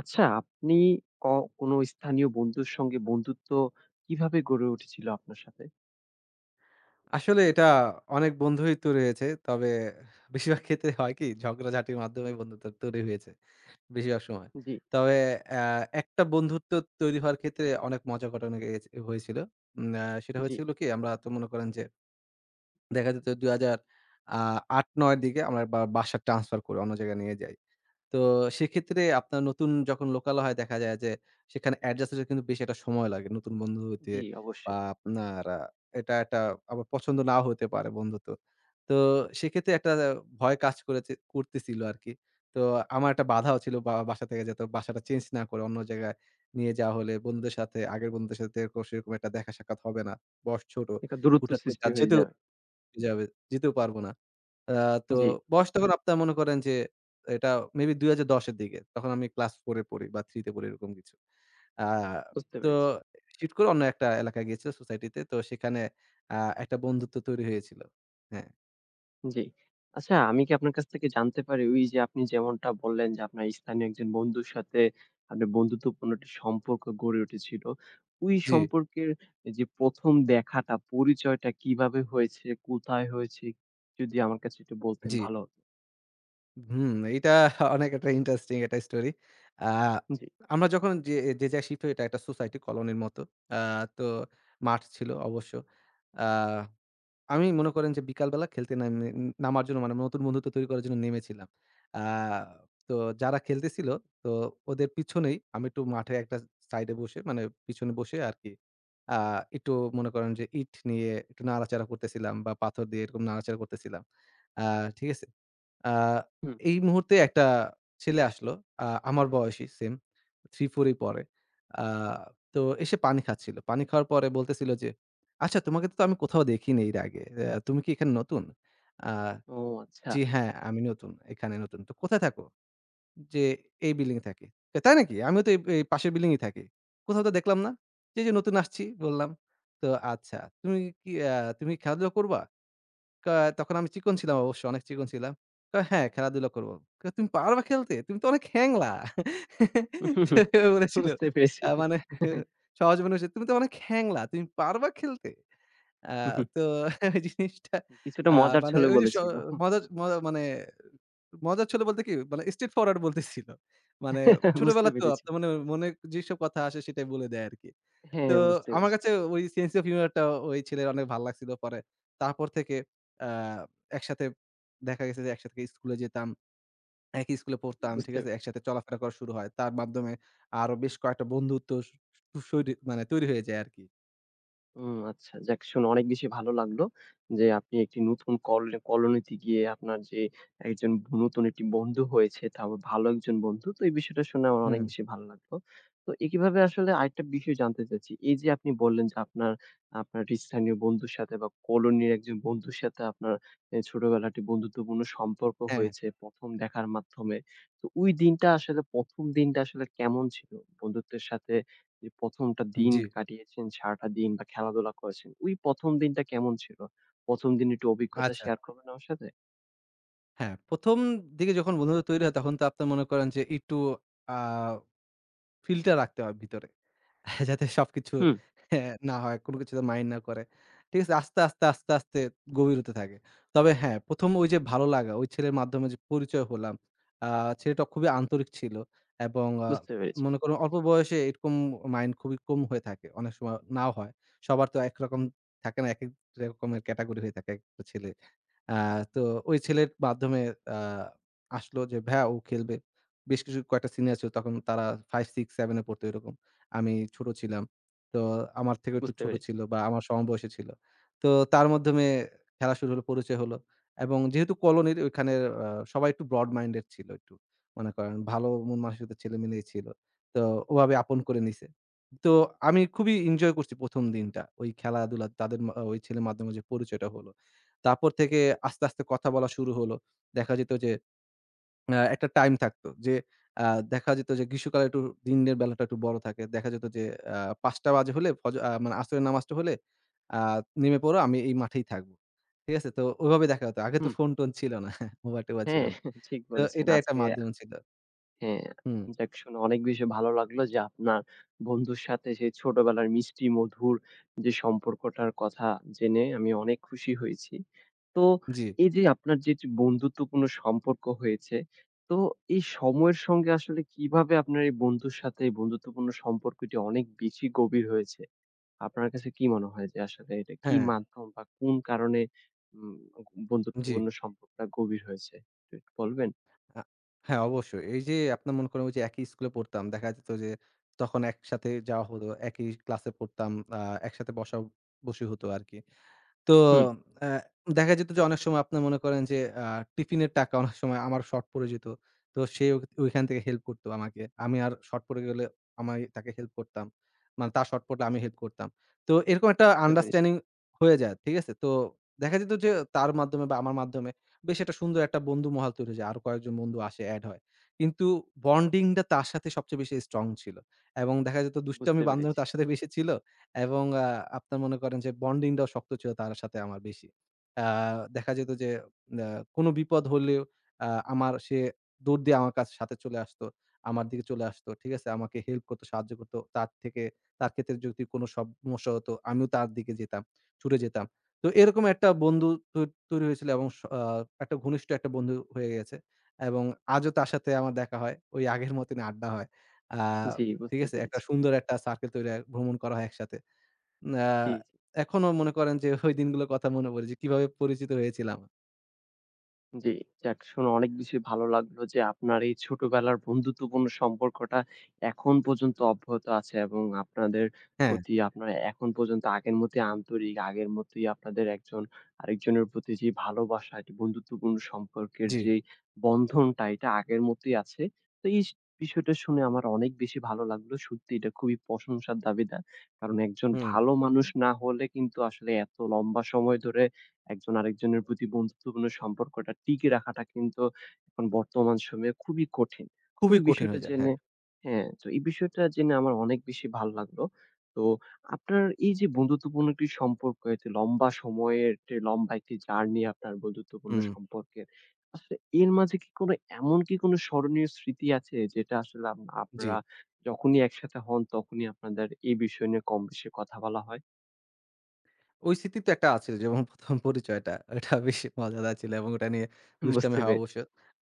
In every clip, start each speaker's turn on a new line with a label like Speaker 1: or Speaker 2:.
Speaker 1: আচ্ছা, আপনি ক কোনো স্থানীয় বন্ধুর সঙ্গে বন্ধুত্ব কিভাবে গড়ে উঠেছিল আপনার সাথে?
Speaker 2: আসলে, এটা অনেক বন্ধুই তো রয়েছে। তবে বেশিরভাগ ক্ষেত্রে হয় কি? ঝগড়াঝাঁটির মাধ্যমে বন্ধুত্ব তৈরি হয়েছে, বেশিরভাগ সময়।
Speaker 1: জ্বি।
Speaker 2: তবে অ্যা একটা বন্ধুত্ব তৈরি হওয়ার ক্ষেত্রে অনেক মজার ঘটনা এ হ হয়েছিল। নে সেটা
Speaker 1: জ্বি।
Speaker 2: হয়েছিল কি? আমরা তো মনে করেন যে দেখা যেত ২,০০০ আ ৮, ৯ এর দিকে আমরা বা বাসা ট্রান্সফার করি। অন্য জায়গায় নিয়ে যাই। তো সেক্ষেত্রে আপনার নতুন যখন লোকালয়, দেখা যায় যে, সেখানে অ্যাডজাস্ট হতে কিন্তু বেশি একটা সময় লাগে। নতুন বন্ধু হইতে
Speaker 1: জ্বি,
Speaker 2: বা,
Speaker 1: অবশ্যই।
Speaker 2: আপনার আ এটা একটা আমার পছন্দ নাও হইতে পারে, বন্ধুত্ব। তো সেক্ষেত্রে একটা দা ভয় কাজ করেছে করতেছিল আরকি। তো আমার একটা বাধাও ছিল বা বাসা থেকে, যাতে বাসাটা চেঞ্জ না করে, অন্য জায়গায় নিয়ে যাওয়া হলে বন্ধুদের সাথে আগের বন্ধুদের সাথে এরকম সেরকম একটা দেখা সাক্ষাৎ হবে না। বয়স ছোট,
Speaker 1: একটা দূরত্ব
Speaker 2: হুটহাট করে,
Speaker 1: সৃষ্টি
Speaker 2: আর
Speaker 1: হয়ে
Speaker 2: যেতেও
Speaker 1: যাবে।
Speaker 2: যাবে যেতেও পারবো না। আ তো
Speaker 1: জ্বি।
Speaker 2: বয়স তখন আপনারা মনে করেন যে এটা মে বি ২০১০ এর দিকে। তখন আমি ক্লাস 4 পড়ি বা, 3 তে পড়ি, এরকম কিছু। আ
Speaker 1: বুঝতে
Speaker 2: তো
Speaker 1: পেরেছি।
Speaker 2: চিট করে অন্য একটা এলাকায় গিয়েছিল, সোসাইটিতে। তো সেখানে আ একটা বন্ধুত্ব তৈরি হয়েছিল। হ্যাঁ।
Speaker 1: জ্বি। আচ্ছা, আমি কি আপনার কাছ থেকে জানতে পারি? ওই যে আপনি যেমনটা বললেন যে আপনার স্থানীয় একজন বন্ধুর সাথে, আপনার বন্ধুত্বপূর্ণ একটা সম্পর্ক গড়ে উঠেছিল। ওই
Speaker 2: জ্বি।
Speaker 1: সম্পর্কের যে ১ম দেখাটা পরিচয়টা কিভাবে হয়েছে? কোথায় হয়েছে? যদি আমার কাছে একটু বলতেন
Speaker 2: জ্বি।
Speaker 1: ভালো হতো।
Speaker 2: হুম। এইটা অনেক একটা ইন্টারেস্টিং একটা স্টোরি আ
Speaker 1: জ্বি।
Speaker 2: আমরা যখন যে, যে, যায় শিফট হয় এটা একটা সোসাইটি কলোনির মত। আ তো মাঠ ছিল অবশ্য। আ আমি মনে করেন যে বিকালবেলা খেলতে নেন নে নামার জন্য মানে নতুন বন্ধুত্ব তৈরি করার জন্য নেমেছিলাম। আ তো যারা খেলতেছিল তো ওদের পিছনেই আমি একটু মাঠে একটা সাইডে বসে মানে পিছনে বসে আরকি আ একটু মনে করেন যে ইট নিয়ে একটু নাড়াচাড়া করতেছিলাম বা পাথর দিয়ে এরকম নাড়াচাড়া করতেছিলাম। আ ঠিক আছে? আ
Speaker 1: হুম।
Speaker 2: এই মুহূর্তে একটা ছেলে আসলো। আ আমার বয়সই সেম 3 4 এই পড়ে। আ তো এসে পানি খাচ্ছিল। পানি খাওয়ার পরে বলতেছিল যে, "আচ্ছা তোমাকে তো আমি কোথাও দেখিনি এর আগে। এ্যা তুমি কি এখানে নতুন?" "আ
Speaker 1: ও
Speaker 2: জি,
Speaker 1: আচ্ছা!
Speaker 2: হ্যাঁ আমি নতুন। এখানে নতুন।" "তো কোথায় থাকো?" "যে এই বিল্ডিং এ থাকি।" "তো তাই নাকি? আমিও তো এইব এই পাশের বিল্ডিং এ থাকি। কোথাও তো দেখলাম না?" "যে, যে নতুন আসছি বল্লাম?" "তো আচ্ছা তুমি কি আ তুমি খেলাধুলা করবা?" কা তখন আমি চিকন ছিলাম, অবশ্য অনেক চিকন ছিলাম। তো "হ্যাঁ, খেলাধুলা করব।" কয়, "তুমি পারবা খেলতে? তুমি তো অনেক হ্যাংলা।" সেভাবে বলেছিল
Speaker 1: বুঝতে পেরেছি।
Speaker 2: আ মানে সহজ [unintelligible] "তুমি তো অনেক হ্যাংলা, তুমি পারবা খেলতে?" আ
Speaker 1: হু, হু।
Speaker 2: তো ওই জিনিসটা
Speaker 1: কিছুটা
Speaker 2: আ
Speaker 1: মজার
Speaker 2: মানে
Speaker 1: ছলে
Speaker 2: ওই যে শ
Speaker 1: বলেছিল। হুম।
Speaker 2: মজার মজা মানে মজার ছলে বলতে কি? মানে স্ট্রেট ফরওয়ার্ড বলতেছিল। মানে
Speaker 1: বুঝতে
Speaker 2: ছোটবেলাতো
Speaker 1: পেরেছি।
Speaker 2: আপনি মনে, মনে, যেসব কথা আসে সেটাই বলে দেয় আরকি।
Speaker 1: হ্যাঁ,
Speaker 2: তো
Speaker 1: বুঝতে
Speaker 2: আমার
Speaker 1: পেরেছি।
Speaker 2: কাছে ওই সেন্স অফ হিউমরটা ওই ছেলের অনেক ভাল লাগছিলো পরে। তারপর থেকে আ একসাথে দেখা গেছে যে, একসাথে স্কুলে যেতাম। একই স্কুলে পড়তাম। ঠিক
Speaker 1: বুঝতে
Speaker 2: আছে? একসাথে চলাফেরা করা শুরু হয়। তার মাধ্যমে আরো বেশ কয়েকটা বন্ধুত্ব স সৈরি মানে তৈরি হয়ে যায় আরকি।
Speaker 1: হুম, আচ্ছা। যাক, শুনে অনেক বেশি ভালো লাগলো, যে আপনি একটি নতুন কল কলোনিতে গিয়ে আপনার যে একজন নতুন একটি বন্ধু হয়েছে, তাও ভালো একজন বন্ধু। তো এই বিষয়টা শুনে আমার অনেক
Speaker 2: হুম।
Speaker 1: বেশি ভালো লাগলো। তো এইভাবে আসলে আরেকটা বিষয় জানতে চাচ্ছি, এইযে আপনি বললেন যে, আপনার আপনার স্থানীয় বন্ধুর সাথে বা, কলোনির একজন বন্ধুর সাথে আপনার এ ছোটবেলাটি বন্ধুত্বপূর্ণ সম্পর্ক
Speaker 2: হ্যাঁ।
Speaker 1: হয়েছে ১ম দেখার মাধ্যমে। তো ওই দিনটা আসলে ১ম দিনটা আসলে কেমন ছিল? বন্ধুত্বের সাথে অ্যা ১ম একটা
Speaker 2: উ
Speaker 1: দিন
Speaker 2: জি।
Speaker 1: কাটিয়েছেন, সারাটা দিন বা, খেলাধুলা করেছেন। ঐ ১ম দিনটা কেমন ছিল? ১ম দিনের একটু অভিজ্ঞতা
Speaker 2: আচ্ছা।
Speaker 1: শেয়ার করবেন আমার সাথে?
Speaker 2: হ্যাঁ, ১ম দিকে যখন বন্ধুত্বতা তৈরি হয়, তখন তো আপনারা মনে করেন যে, একটু আ filter রাখতে হয় ভেতরে। যাতে সবকিছু
Speaker 1: হুম।
Speaker 2: হ্যাঁ, না হয়, কোন কিছু যাতে মাইন্ড না করে। ঠিক আছে? আস্তে, আস্তে, আস্তে, আস্তে গভীর হতে থাকে। তবে হ্যাঁ, ১ম ঐযে ভালো লাগা, ওই ছেলের মাধ্যমে যে পরিচয় হলাম, আ ছেলেটা খুবই আন্তরিক ছিল। এবং আ
Speaker 1: বুঝতে পেরেছি।
Speaker 2: মনে করুন অল্প বয়সে এরকম মাইন্ড খুবই কম হয়ে থাকে। অনেক সময় নাও হয়। সবার তো একরকম থাকে না। একেক রকমের ক্যাটাগরি হয়ে থাকে একেকটা ছেলে। আ তো ওই ছেলের মাধ্যমে আ আসলো, যে, "ভাইয়া, ও খেলবে।" বেশ কিছু কয়েকটা সিনিয়র ছিলো। তখন তারা 5, 6, 7, এ পড়তো, এরকম। আমি ছোট ছিলাম। তো আমার থেকে একটু
Speaker 1: বুঝতে
Speaker 2: ছোট
Speaker 1: পেরেছি।
Speaker 2: ছিল বা, আমার সমবয়সী ছিল। তো তার মাধ্যমে এ খেলা শুরু, পরিচয় হলো এবং যেহেতু কলোনির ওইখানে আ সবাই একটু broad-minded ছিল, একটু। মনে করেন ভালো মন মানসিকতার সাথে ছেলে মিলেই ছিল। তো ওভাবে আপন করে নিছে। তো আমি
Speaker 1: হুম।
Speaker 2: খুবই ইঞ্জয় করছি ১ম দিনটা, ওই খেলাধুলা, তাদের মা ওই ছেলের মাধ্যমে যে পরিচয়টা হলো। তারপর থেকে আস্তে, আস্তে কথা বলা শুরু হলো। দেখা যেত যে, অ্যা একটা টাইম থাকতো। যে আ দেখা যেত যে, গ্রীষ্মকালে একটু দিনের বেলাটা একটু বড় থাকে। দেখা যেত যে, আ ৫ টা বাজে হলে, ফজ আ মানে আসরের নামাজটা হলে, আ নেমে পড়ো, আমি এই মাঠেই থাকবো। ঠিক আছে? তো ওইভাবে দেখা হতো। আগে তো
Speaker 1: হুম।
Speaker 2: ফোন-টোন ছিল না, মোবাইল-টোবাইল ছিল
Speaker 1: হ্যাঁ,
Speaker 2: না।
Speaker 1: ঠিক
Speaker 2: তো
Speaker 1: বলেছেন।
Speaker 2: এটাই একটা
Speaker 1: আজকে
Speaker 2: মাধ্যম ছিল।
Speaker 1: হ্যাঁ,
Speaker 2: হুম।
Speaker 1: যাক, শুনে অনেক বেশি ভালো লাগলো যে, আপনার বন্ধুর সাথে যে ছোটবেলার মিষ্টি মধুর যে সম্পর্কটার কথা জেনে, আমি অনেক খুশি হয়েছি। তো
Speaker 2: জি।
Speaker 1: এইযে, আপনার যে এইযে বন্ধুত্বপূর্ণ সম্পর্ক হয়েছে, তো এই সময়ের সঙ্গে আসলে কিভাবে আপনার এই বন্ধুর সাথে বন্ধুত্বপূর্ণ সম্পর্কটি অনেক বেশি গভীর হয়েছে? আপনার কাছে কি মনে হয়, যে আসলে এটা কি
Speaker 2: হ্যাঁ।
Speaker 1: মাধ্যম বা, কোন কারণে উম
Speaker 2: জি।
Speaker 1: বন্ধুত্বপূর্ণ সম্পর্কটা গভীর হয়েছে, এটা একটু বলবেন?
Speaker 2: আ হ্যাঁ, অবশ্যই। এইযে, আপনার মনে করেন, ঐযে একই স্কুলে পড়তাম। দেখা যেত যে, তখন একসাথে যাওয়া হলো। একই ক্লাসে পড়তাম। আ একসাথে বসা বসি হত, আরকি। তো
Speaker 1: হুম।
Speaker 2: অ্যা দেখা যেত যে অনেক সময় আপনারা মনে করেন যে, আ টিফিনের টাকা অনেক সময় আমার শর্ট পড়ে যেত, তো সে ঐ ঐখান থেকে হেল্প করতো আমাকে। আমি আর শর্ট পড়ে গেলে, আমি তাকে হেল্প করতাম। মানে, তার শর্ট পড়লে আমি হেল্প করতাম। তো এরকম একটা
Speaker 1: বুঝতে পেরেছি।
Speaker 2: আন্ডারস্ট্যান্ডিং হয়ে যায়, ঠিক আছে? তো দেখা যেত যে, তার মাধ্যমে বা, আমার মাধ্যমে, বেশ একটা সুন্দর একটা বন্ধু মহল তৈরি হয়ে যায়। আরো কয়েকজন বন্ধু আসে, এড হয়। কিন্তু বন্ডিংটা তার সাথে সবচেয়ে বেশি স্ট্রং ছিল। এবং দেখা যেত, দুষ্টামি,
Speaker 1: বুঝতে
Speaker 2: বান্দরামি
Speaker 1: পেরেছি।
Speaker 2: তার সাথে বেশি ছিল। এবং আ আপনার মনে করেন যে, বন্ডিংটাও শক্ত ছিল তার সাথে আমার বেশি। আ দেখা যেত যে, আ কোন বিপদ হলেও আ আমার সে দৌড় দিয়ে আমার কাছে সাথে চলে আসতো আমার দিকে চলে আসতো। ঠিক আছে? আমাকে হেল্প করতো, সাহায্য করতো। তার থেকে তার ক্ষেত্রে যদি কোন সমস্যা হতো, আমিও তার দিকে যেতাম ছুটে যেতাম। তো এরকম একটা বন্ধু তৈ তৈরি হয়েছিল এবং স আ একটা ঘনিষ্ঠ একটা বন্ধু হয়ে গেছে। এবং আজও তার সাথে আমার দেখা হয়, ঐ আগের মতনই আড্ডা হয়। আ
Speaker 1: জি,
Speaker 2: ঠিক
Speaker 1: বুঝতে
Speaker 2: আছে? একটা
Speaker 1: পেরেছি।
Speaker 2: সুন্দর একটা সার্কেল তৈরি হয়, ভ্রমণ করা হয় একসাথে। না
Speaker 1: জি, জি।
Speaker 2: এখনো মনে করেন যে, ঐ দিনগুলোর কথা মনে পড়ে যে, কীভাবে পরিচিত হয়েছিলাম?
Speaker 1: জি। যাক শুনে অনেক বেশি ভালো লাগলো যে, আপনার এই ছোটবেলার বন্ধুত্বপূর্ণ সম্পর্কটা এখন পর্যন্ত অব্যাহত আছে। এবং আপনাদের
Speaker 2: হ্যাঁ।
Speaker 1: প্রতি আপনার এখন পর্যন্ত আগের মতই আন্তরিক আগের মতই আপনাদের একজন আরেকজনের প্রতি যে, ভালোবাসাটি বন্ধুত্বপূর্ণ সম্পর্কের
Speaker 2: জি।
Speaker 1: যেই বন্ধনটা এইটা আগের মতোই আছে। তো এইস বিষয়টা শুনে আমার অনেক বেশি ভালো লাগলো। সত্যি এটা খুবই প্রশংসার দাবিদার। কারণ একজন
Speaker 2: হুম।
Speaker 1: ভালো মানুষ না হলে কিন্তু আসলে এত লম্বা সময় ধরে একজন আরেকজনের প্রতি বন্ধুত্বপূর্ণ সম্পর্কটা টিকিয়ে রাখাটা কিন্তু এখন বর্তমান সময়ে খুবই কঠিন। তো
Speaker 2: খুবই
Speaker 1: এই
Speaker 2: কঠিন
Speaker 1: বিষয়টা
Speaker 2: হয়ে যায়।
Speaker 1: জেনে
Speaker 2: হ্যাঁ।
Speaker 1: হ্যাঁ, তো এই বিষয়টা জেনে আমার অনেক বেশি ভালো লাগলো। তো আপনার এই যে বন্ধুত্বপূর্ণ একটি সম্পর্ক, এতো লম্বা সময়ের টে লম্বা একটি জার্নি আপনার বন্ধুত্বপূর্ণ
Speaker 2: হুম।
Speaker 1: সম্পর্কে, আসলে এর মাঝে কি কোনো, এমন কি কোন স্মরণীয় স্মৃতি আছে যেটা আসলে আম
Speaker 2: জি।
Speaker 1: আপনারা যখনই একসাথে হন তখনই আপনাদের এই বিষয় নিয়ে কম বেশি কথা বলা হয়?
Speaker 2: ওই স্মৃতি তো একটা আছে। যেমন প্রথম পরিচয়টা, ঐটা বেশি মজাদার ছিল, এবং ওইটা নিয়ে দুষ্টামি
Speaker 1: বুঝতে
Speaker 2: হয়
Speaker 1: পেরেছি।
Speaker 2: অবশ্য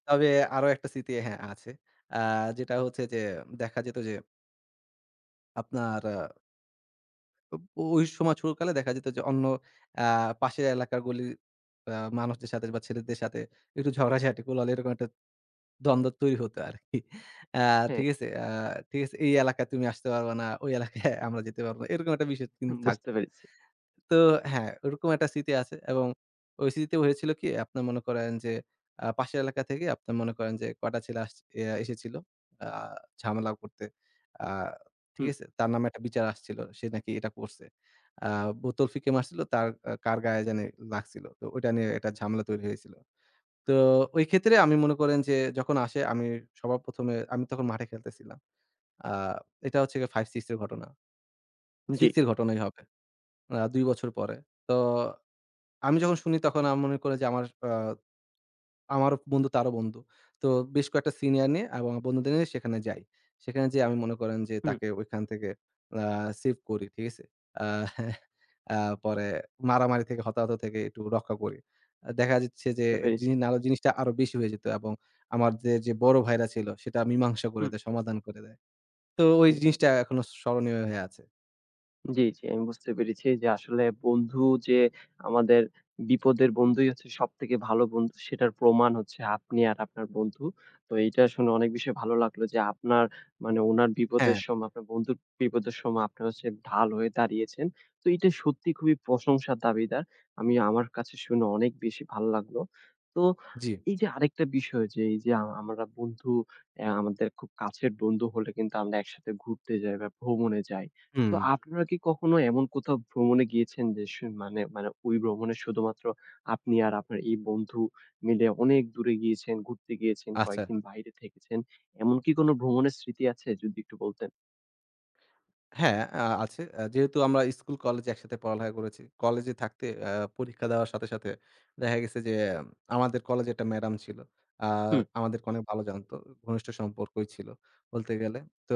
Speaker 2: তবে আরও একটা স্মৃতি হ্যাঁ আছে। আ যেইটা হচ্ছে যে দেখা যেত যে আপনার আ ওব ওই সময় ছোট কালে দেখা যেত যে, অন্য আ পাশের এলাকার গলির আ মানুষদের সাথে বা ছেলেদের সাথে একটু ঝগড়াঝাটি কোলাহল এরকম একটা দ্বন্দ্ব তৈরি হত আরকি। আ
Speaker 1: হ্যাঁ।
Speaker 2: ঠিক আছে? আ ঠিক আছে এই এলাকায় তুমি আসতে পারবা না, ওই এলাকায় আমরা যেতে পারব এরকম একটা বিষয় কিন্তু থাকত।
Speaker 1: বুঝতে পেরেছি।
Speaker 2: তো হ্যাঁ, ওরকম একটা স্মৃতি আছে এবং ওই স্মৃতিতে হয়েছিল কি? আপনার মনে করেন যে আ পাশের এলাকা থেকে, আপনার মনে করেন যে, কটা ছেলে আস এসেছিল আ ঝামেলাও করতে। আ ঠিক
Speaker 1: হুম।
Speaker 2: আছে? তার নামে একটা বিচার আসছিল। সে নাকি এটা করছে। আ বোতল ফিকে মারছিল তার আ কার গায়ে যানি লাগছিল। তো ঐটা নিয়ে একটা ঝামেলা তৈরি হয়েছিল। তো ওই ক্ষেত্রে আমি মনে করেন যে যখন আসে আমি সবার ১ম এ আমি তখন মাঠে খেলতেছিলাম। আ এটা হচ্ছে গিয়া ৫,৬ এর ঘটনা।
Speaker 1: জ্বি।
Speaker 2: সিক্স এর ঘটনাই হবে। আ ২ বছর পরে। তো আমি যখন শুনি তখন আর মনে করে যে আমার আ আমার বন্ধু তারও বন্ধু। তো বেশ কয়েকটা সিনিয়র নিয়ে এবং বন্ধুদের নিয়ে সেখানে যাই। সেখানে যেয়ে আমি মনে করেন যে
Speaker 1: হুম।
Speaker 2: তাকে ঐখান থেকে আ সেইভ করি। ঠিক আছে? আ আ পরে মারামারি থেকে হতাহত থেকে একটু রক্ষা করি। আ দেখা যাচ্ছে যে,
Speaker 1: বুঝতে পেরেছি।
Speaker 2: জিনি নারে জিনিসটা আরো বেশি হয়ে যেত এবং আমার যে, যে, বড় ভাইরা ছিল সেটা মীমাংসা করে
Speaker 1: হুম।
Speaker 2: দেয়, সমাধান করে দেয়। তো ওই
Speaker 1: জ্বি।
Speaker 2: জিনিসটা এখনো স্মরণীয় হয়ে আছে।
Speaker 1: জ্বি, জ্বি, আমি বুঝতে পেরেছি যে, আসলে বন্ধু যে আমাদের বিপদের বন্ধুই হচ্ছে সবথেকে ভালো বন্ধু। সেটার প্রমাণ হচ্ছে আপনি আর আপনার বন্ধু। তো এইটা শুনে অনেক বেশি ভালো লাগলো যে আপনার মানে ওনার বিপদের
Speaker 2: হ্যাঁ।
Speaker 1: সময় আপনার বন্ধুর বিপদের সময় আপনার হচ্ছে ঢাল হয়ে দাঁড়িয়েছেন। তো এইটা সত্যি খুবই প্রশংসার দাবীদার। আমি আমার কাছে শুনে অনেক বেশি ভাল লাগলো। তো
Speaker 2: জ্বি।
Speaker 1: এইযে আরেকটা বিষয় যে, এইযে আ আমরা বন্ধু এয়া আমাদের খুব কাছের বন্ধু হলে কিন্তু আমরা একসাথে ঘুরতে যাই বা, ভ্রমণে যাই। তো
Speaker 2: হুম।
Speaker 1: আপনারা কি কখনো এমন কোথাও ভ্রমণে গিয়েছেন? যে স মানে মানে ওই ভ্রমণে শুধুমাত্র আপনি আর আপনার এই বন্ধু মিলে অনেক দূরে গিয়েছেন, ঘুরতে গিয়েছেন,
Speaker 2: আচ্ছা।
Speaker 1: কয়েকদিন বাইরে থেকেছেন? এমন কি কোন ভ্রমণের স্মৃতি আছে? যদি একটু বলতেন?
Speaker 2: হ্যাঁ, আ আছে। আ যেহেতু আমরা স্কুল কলেজে একসাথে পড়ালেখা করেছি। কলেজে থাকতে আ পরীক্ষা দেওয়ার সাথে, সাথে দেখা গেছে যে, এম আমাদের কলেজে একটা ম্যাডাম ছিল। আ
Speaker 1: হুম।
Speaker 2: আমাদেরকে অনেক ভালো জানতো। উ ঘনিষ্ঠ সম্পর্কই ছিল বলতে গেলে। তো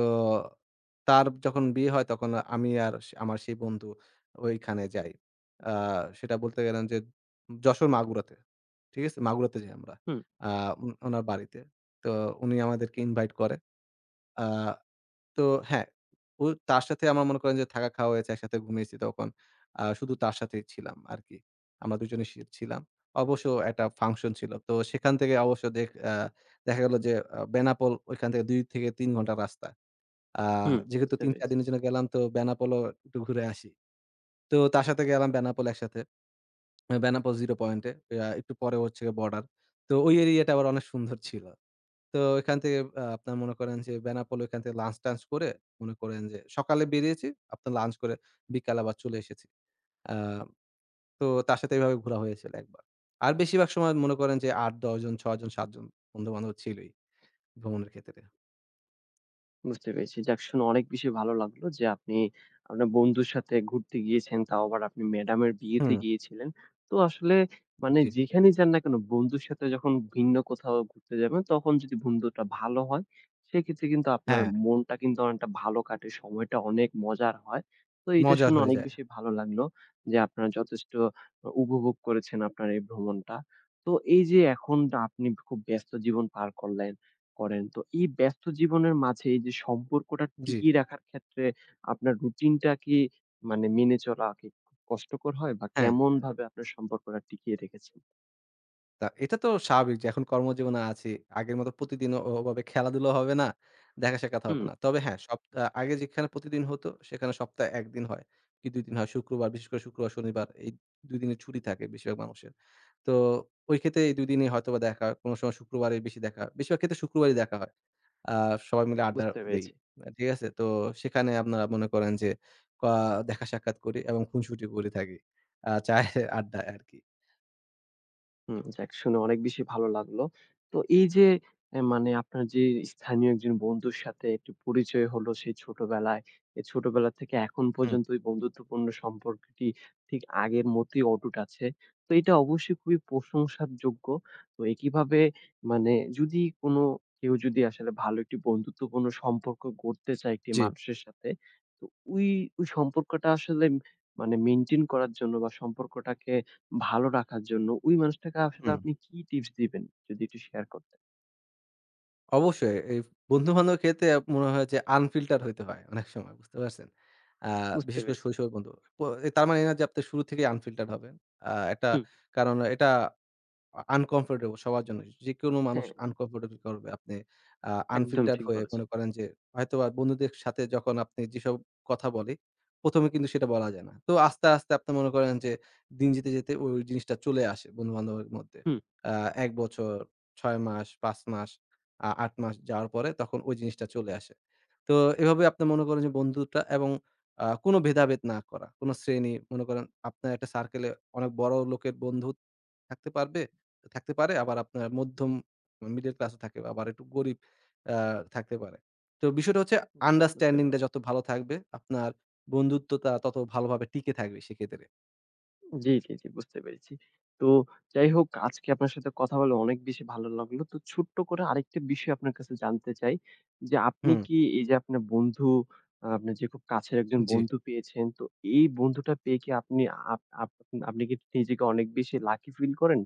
Speaker 2: তার যখন বিয়ে হয়, তখন আমি আর সে আমার সেই বন্ধু, ওইখানে যাই। আ সেটা বলতে গেলেন যে, যশোর, মাগুরাতে। ঠিক আছে? মাগুরাতে যাই আমরা।
Speaker 1: হুম।
Speaker 2: আ ও ওনার বাড়িতে। তো উনি আমাদেরকে ইনভাইট করে। আ তো হ্যাঁ, ও তার সাথে আমার মনে করেন যে থাকা, খাওয়া হয়েছে। একসাথে ঘুমিয়েছি তখন। আ শুধু তার সাথেই ছিলাম আরকি। আমরা দুজনেই সি ছিলাম। অবশ্য একটা ফাংশন ছিল। তো সেখান থেকে অবশ্য দেখ আ দেখা গেলো যে আ বেনাপোল ওইখান থেকে ২-৩ ঘন্টা রাস্তা। আ
Speaker 1: হুম,
Speaker 2: যেহেতু
Speaker 1: বুঝতে
Speaker 2: ৩, ৪
Speaker 1: পেরেছি।
Speaker 2: দিনের জন্য গেলাম, তো বেনাপোলেও একটু ঘুরে আসি। তো তার সাথে গেলাম বেনাপোল একসাথে। এ বেনাপোল zero পয়েন্টে। আ একটু পরে হচ্ছে গ্যা বর্ডার। তো ওই এরিয়াটা আবার অনেক সুন্দর ছিল। তো এখান থেকে আ আপনারা মনে করেন যে বেনাপোল ওইখান থেকে লাঞ্চ-টাঞ্চ করে, মনে করেন যে সকালে বেরিয়েছি। আপনার লাঞ্চ করে বিকালে আবার চলে এসেছি। আ তো তার সাথে এভাবে ঘোরা হয়েছিল একবার। আর বেশিরভাগ সময় মনে করেন যে ৮, ১০ জন, ৬ জন, ৭ জন বন্ধু-বান্ধব ছিলই, ভ্রমণের ক্ষেত্রে।
Speaker 1: বুঝতে পেরেছি। যাক, শুনে অনেক বেশি ভালো লাগলো যে, আপনি আপনার বন্ধুর সাথে ঘুরতে গিয়েছেন। তাও আবার, আপনি ম্যাডামের বিয়েতে
Speaker 2: হুম।
Speaker 1: গিয়েছিলেন। তো, আসলে
Speaker 2: উ
Speaker 1: মানে
Speaker 2: জ্বী।
Speaker 1: যেখানেই যান না কেন, বন্ধুর সাথে যখন ভিন্ন কোথাও ঘুরতে যাবেন, তখন যদি বন্ধুটা ভালো হয়, সেক্ষেত্রে কিন্তু আপনার
Speaker 2: হ্যাঁ।
Speaker 1: মনটা কিন্তু অনেকটা ভালো কাটে। সময়টা অনেক মজার হয়। তো এইটা
Speaker 2: মজার
Speaker 1: শুনে
Speaker 2: হয়ে
Speaker 1: অনেক
Speaker 2: যায়।
Speaker 1: বেশি ভালো লাগলো যে, আপনারা যথেষ্ট অ উপভোগ করেছেন আপনার এই ভ্রমণটা। তো, এইযে এখনটা আপনি খুব ব্যস্ত জীবন পার করলেন করেন, তো এই ব্যস্ত জীবনের মাঝে এইযে সম্পর্কটা
Speaker 2: জ্বী।
Speaker 1: টিকিয়ে রাখার ক্ষেত্রে আপনার রুটিনটা কি মানে মেনে চলা কি কষ্টকর হয়? বা,
Speaker 2: হ্যাঁ।
Speaker 1: কেমনভাবে আপনার সম্পর্কটা টিকিয়ে রেখেছেন?
Speaker 2: তা এটা তো স্বাভাবিক যে, এখন কর্মজীবনে আছি। আগের মতো প্রতিদিন ও ওভাবে খেলাধুলাও হবে না, দেখা-সাক্ষাৎও হবে
Speaker 1: হুম।
Speaker 2: না। তবে হ্যাঁ, সপ্তাহ আগে যেখানে প্রতিদিন হতো, সেখানে সপ্তাহে ১ দিন হয়, কি ২ দিন হয়। শুক্রবার বিশেষ করে শুক্রবার, শনিবার এই ২ দিনের ছুটি থাকে বেশিরভাগ মানুষের। তো, ওই ক্ষেত্রে এই ২ দিনই হয়তোবা দেখা কোন সময় শুক্রবারই বেশি দেখা হয়। বেশিরভাগ ক্ষেত্রে শুক্রবারই দেখা হয়। আ সবাই মিলে আড্ডা
Speaker 1: বুঝতে
Speaker 2: দেই।
Speaker 1: পেরেছি।
Speaker 2: মা ঠিক আছে? তো, সেখানে আপনারা মনে করেন যে, পা দেখা-সাক্ষাৎ করি এবং খুনশুটি করে থাকি, আ চায়ের আড্ডায় আরকি।
Speaker 1: হুম। যাক শুনে অনেক বেশি ভালো লাগলো। তো এই যে অ্যা মানে আপনার যেই স্থানীয় একজন বন্ধুর সাথে একটু পরিচয় হলো, সেই ছোটবেলায়। এ ছোটবেলা থেকে এখন
Speaker 2: হুম।
Speaker 1: পর্যন্ত, এই বন্ধুত্বপূর্ণ সম্পর্কটি ঠিক আগের মতেই অটুট আছে। তো এইটা অবশ্যই খুবই প্রশংসার যোগ্য। ওই কিভাবে মানে, যদি কোন কেউ যদি আসলে, ভালো একটি বন্ধুত্বপূর্ণ সম্পর্ক গড়তে চায় একটি
Speaker 2: জি।
Speaker 1: মানুষের সাথে, তো ওই, ওই সম্পর্কটা আসলে ম মানে মেইনটেইন করার জন্য বা সম্পর্কটাকে ভালো রাখার জন্য, ঐ মানুষটাকে আসলে
Speaker 2: হুম।
Speaker 1: আপনি কি টিপস দিবেন? যদি একটু শেয়ার করতেন?
Speaker 2: অবশ্যই। এই ফ বন্ধুবান্ধবের ক্ষেত্রে মনে হয় যে, আনফিল্টার্ড‌ হইতে হয় অনেক সময়। বুঝতে পারছেন? আ
Speaker 1: বুঝতে
Speaker 2: বিশেষ করে
Speaker 1: পেরেছি।
Speaker 2: শৈশবের বন্ধু। প তার মানে এই না যে, আপনি শুরু থেকেই আনফিল্টার হবেন। আ একটা
Speaker 1: হুম।
Speaker 2: কারণ, এটা আ আনকমফর্টেবল সবার জন্যই। যেকোনো মানুষ
Speaker 1: হ্যাঁ।
Speaker 2: আনকমফর্টেবল ফিল করবে, আপনি আ
Speaker 1: একদম
Speaker 2: আনফিল্টার
Speaker 1: ঠিক
Speaker 2: হয়ে মনে
Speaker 1: বলেছেন।
Speaker 2: করেন যে, হয়তোবা বন্ধুদের সাথে যখন আপনি যেইসব কথা বলি, ১ম এ কিন্তু সেইটা বলা যায় না। তো আস্তে, আস্তে আপনি মনে করেন যে দিন যেতে, যেতে ওই, ওই জিনিসটা চলে আসে বন্ধুবান্ধবের মধ্যে।
Speaker 1: হুম।
Speaker 2: অ্যা ১ বছর, ৬ মাস, ৫ মাস, আ ৮ মাস যাওয়ার পরে, তখন ঐ জিনিসটা চলে আসে। তো এভাবেই আপনি মনে করেন যে, বন্ধুটা এবং আ কোন ভেদাভেদ না করা, কোন শ্রেণী, মনে করেন আপনার একটা সার্কেলে, অনেক বড় লোকের বন্ধু থাকতে পারবে, থাকতে পারে। আবার আপনার মধ্যম অ্যা মিডল ক্লাসও থাকে। আবার একটু গরিব অ্যা থাকতে পারে। তো বিষয়টা হচ্ছে,
Speaker 1: জি, বুঝতে
Speaker 2: আন্ডারস্ট্যান্ডিং
Speaker 1: পেরেছি।
Speaker 2: টা যত ভালো থাকবে, আপনার বন্ধুত্বটা ততো ভালোভাবে টিকে থাকবে সেইক্ষেত্রে।
Speaker 1: জ্বি, জ্বি, জ্বি। বুঝতে পেরেছি। তো যাই হোক, আজকে আপনার সাথে কথা বলে অনেক বেশি ভালো লাগলো। তো ছোট্ট করে আরেকটা বিষয় আপনার কাছে জানতে চাই যে, আপনি
Speaker 2: হুম।
Speaker 1: কি এইযে আপনার বন্ধু আ আপনার যে খুব কাছের একজন
Speaker 2: জ্বি।
Speaker 1: বন্ধু পেয়েছেন, তো এই বন্ধুটা পেয়ে কি আপনি আপ আপনি কি নিজেকে অনেক বেশি লাকি ফিল করেন?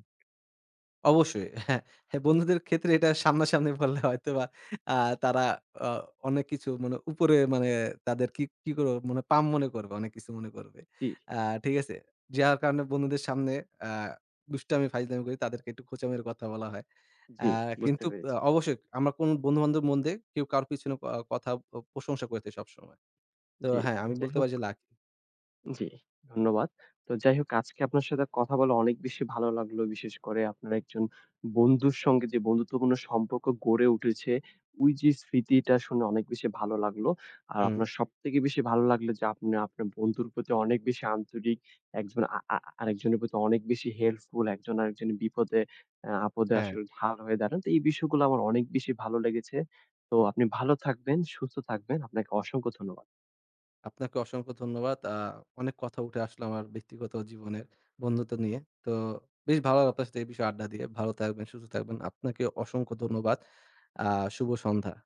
Speaker 2: অবশ্যই। হ্যাঁ, বন্ধুদের ক্ষেত্রে এটা সামনাসামনি বললে হয়তোবা আ তারা অ অনেক কিছু মানে উপরে মানে তাদের কি, কি করে মানে পাম্প মনে করবে। অনেক কিছু মনে করবে।
Speaker 1: জ্বি।
Speaker 2: আ ঠিক আছে? যার কারণে বন্ধুদের সামনে আ দুষ্টামি, ফাইজলামি করি। তাদেরকে একটু খোঁচা মেয়ের কথা বলা হয়। আ
Speaker 1: জ্বি, বুঝতে
Speaker 2: কিন্তু অ
Speaker 1: পেরেছি।
Speaker 2: অবশ্যই আমার কোন বন্ধু-বান্ধবের মন্দে কেউ কারো পিছনে ক কথা আ প্রশংসা করেছে সবসময়। তো,
Speaker 1: জ্বি,
Speaker 2: হ্যাঁ,
Speaker 1: জ্বি।
Speaker 2: আমি
Speaker 1: যাই
Speaker 2: বলতে
Speaker 1: হোক
Speaker 2: পারি যে লাকি।
Speaker 1: জ্বি, ধন্যবাদ। তো যাই হোক, আজকে আপনার সাথে কথা বলে অনেক বেশি ভালো লাগলো। বিশেষ করে আপনার একজন বন্ধুর সঙ্গে যে বন্ধুত্বপূর্ণ সম্পর্ক গড়ে উঠেছে, ওইযে স্মৃতিটা শুনে অনেক বেশি ভালো লাগলো। আর
Speaker 2: হুম।
Speaker 1: আপনার সবথেকে বেশি ভালো লাগলো যে, আপনি আপনার বন্ধুর প্রতি অনেক বেশি আন্তরিক, একজন আ আ আরেকজনের প্রতি অনেক বেশি হেল্পফুল। একজন আরেকজন বিপদে এ আপদে
Speaker 2: হ্যাঁ।
Speaker 1: আসলে ঢাল হয়ে দাঁড়ান। তো এই বিষয়গুলো আমার অনেক বেশি ভালো লেগেছে। তো আপনি ভালো থাকবেন, সুস্থ থাকবেন। আপনাকে অসংখ্য ধন্যবাদ।
Speaker 2: আপনাকে অসংখ্য ধন্যবাদ। আ অনেক কথা উঠে আসলো আমার ব্যক্তিগত জীবনের, বন্ধুত্ব নিয়ে। তো বেশ ভালো লাগলো আপনার সাথে এই বিষয়ে আড্ডা দিয়ে। ভালো থাকবেন, সুস্থ থাকবেন। আপনাকে অসংখ্য ধন্যবাদ। আ শুভ সন্ধ্যা।